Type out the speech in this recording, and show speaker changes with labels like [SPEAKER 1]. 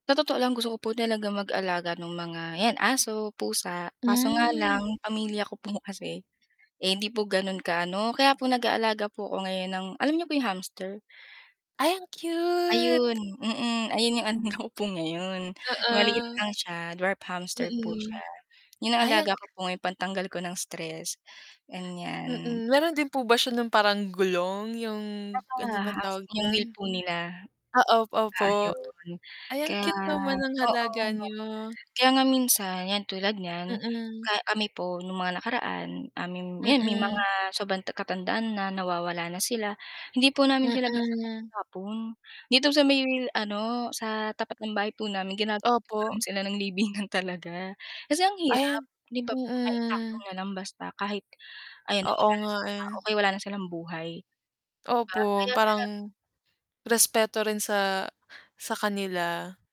[SPEAKER 1] Sa totoo lang gusto ko po talaga mag-alaga nung mga yan, aso, pusa, kaso nga lang
[SPEAKER 2] Hmm.
[SPEAKER 1] pamilya ko po kasi, eh, hindi po ganon ka-ano, kaya po nag-aalaga po ako ngayon ng alam niyo kung yung hamster?
[SPEAKER 2] Ay ang cute.
[SPEAKER 1] Ayun, mm, ayun yung ano ko po ngayon, maliit
[SPEAKER 2] Oo.
[SPEAKER 1] lang siya dwarf hamster po siya.
[SPEAKER 2] Mm.
[SPEAKER 1] Yun ang
[SPEAKER 2] Ay
[SPEAKER 1] alaga
[SPEAKER 2] ang
[SPEAKER 1] ko po ngayon pantanggal ko ng stress, ganyan.
[SPEAKER 2] Mm, meron din po ba siya ng parang gulong yung
[SPEAKER 1] Tsaka
[SPEAKER 2] ano bang
[SPEAKER 1] halos
[SPEAKER 2] tawag
[SPEAKER 1] yung wheel
[SPEAKER 2] dun?
[SPEAKER 1] po nila.
[SPEAKER 2] Ah, op opo.
[SPEAKER 1] Ayun
[SPEAKER 2] Ay ang
[SPEAKER 1] kaya
[SPEAKER 2] cute naman ng
[SPEAKER 1] oo.
[SPEAKER 2] alaga niyo.
[SPEAKER 1] Kaya nga minsan, 'yan tulad niyan,
[SPEAKER 2] Mm.
[SPEAKER 1] ka kami po nung mga nakaraan, um, yung, 'yan may mga
[SPEAKER 2] Mm.
[SPEAKER 1] sobrang ta katandaan na nawawala na sila, hindi po namin sila basta
[SPEAKER 2] Mm.
[SPEAKER 1] tinatapon. Dito sa may ano, sa tapat ng bahay po namin ginagawan po namin
[SPEAKER 2] Opo.
[SPEAKER 1] sila ng libingan talaga. Kasi ang hirap,
[SPEAKER 2] Ayan,
[SPEAKER 1] 'di ba, po na itapon
[SPEAKER 2] mm.
[SPEAKER 1] nalang basta kahit ayan na
[SPEAKER 2] Oo
[SPEAKER 1] wala na
[SPEAKER 2] nga
[SPEAKER 1] sila,
[SPEAKER 2] eh.
[SPEAKER 1] o kaya wala na silang buhay. Ah,
[SPEAKER 2] Opo.
[SPEAKER 1] kaya sara
[SPEAKER 2] Parang respeto rin sa sa kanila.